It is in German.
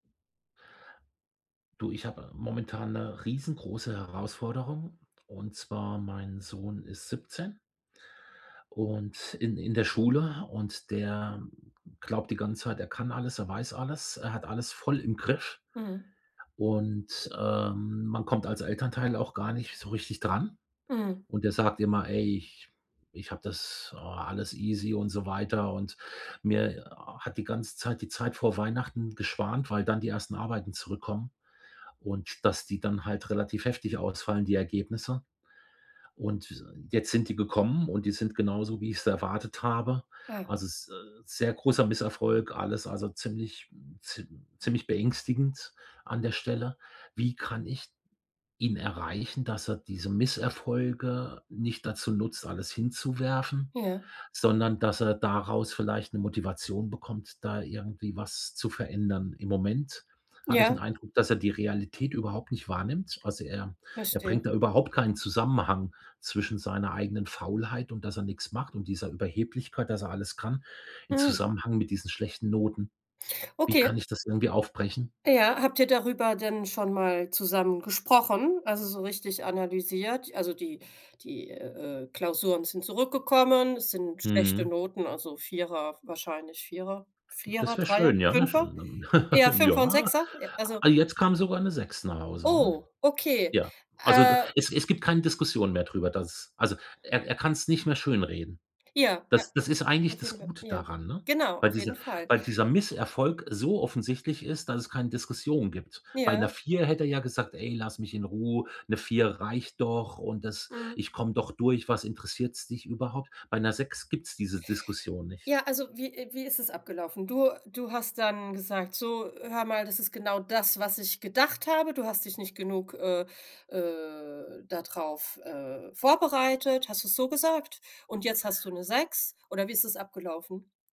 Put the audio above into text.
Du, ich habe momentan 'ne riesengroße Herausforderung, und zwar, mein Sohn ist 17. Und in in der Schule. Und der glaubt die ganze Zeit, er kann alles, er weiß alles, er hat alles voll im Griff. Mhm. Und, ähm, man kommt als Elternteil auch gar nicht so richtig dran. Mhm. Und der sagt immer: „Ey, ich ich hab das oh, alles easy“ und so weiter. Und mir hat die ganze Zeit die Zeit vor Weihnachten geschwant, weil dann die ersten Arbeiten zurückkommen und dass die dann halt relativ heftig ausfallen, die Ergebnisse. Und jetzt sind die gekommen und die sind genauso, wie ich's erwartet habe. Ah. Also s sehr großer Misserfolg, alles also ziemlich ziem ziemlich beängstigend an der Stelle. Wie kann ich ihn erreichen, dass er diese Misserfolge nicht dazu nutzt, alles hinzuwerfen, Ja. sondern dass er daraus vielleicht 'ne Motivation bekommt, da irgendwie was zu verändern? Im Moment habe ich 'n Ja. Eindruck, dass er die Realität überhaupt nicht wahrnimmt. Also er er Verstehe. bringt da überhaupt keinen Zusammenhang zwischen seiner eigenen Faulheit und, dass er nix macht und dieser Überheblichkeit, dass er alles kann, in Mhm. Zusammenhang mit diesen schlechten Noten. Wie Okay. kann ich das irgendwie aufbrechen? Ja, habt ihr darüber denn schon mal zusammen gesprochen? Also so richtig analysiert? Also die die, äh, Klausuren sind zurückgekommen, es sind schlechte Mhm. Noten, also 4er, wahrscheinlich 4er, Das 4er, wär 3er, schön, ja, ne? Sch 5er? [unintelligible] Eher, 5er und Ja. 6er, e also Ah, jetzt kam sogar 'ne 6 nach Hause, ne? Oh, okay. Ja, also d Äh es es gibt keine Diskussion mehr drüber, dass also, er er kann's nicht mehr schönreden. Ja, Das das ist a eigentlich auf jeden das Fall. Gute Ja, daran, ne? genau, Weil auf jeden diese Fall. weil dieser Misserfolg so offensichtlich ist, dass es keine Diskussion gibt. Bei 'ner Ja. 4 hätte er ja gesagt: „Ey, lass mich in Ruhe, 'ne 4 reicht doch und das Mhm. ich komm doch durch. Was interessiert's dich überhaupt?“ Bei 'ner 6 gibt's diese Diskussion nicht. Ja, also wie e wie ist es abgelaufen? Du du hast dann gesagt: „So, hör mal, das ist genau das, was ich gedacht habe. Du hast dich nicht genug, äh äh, da drauf, äh, vorbereitet“, hast du es so gesagt? „Und jetzt hast du 'ne 6.“ Oder wie ist es abgelaufen?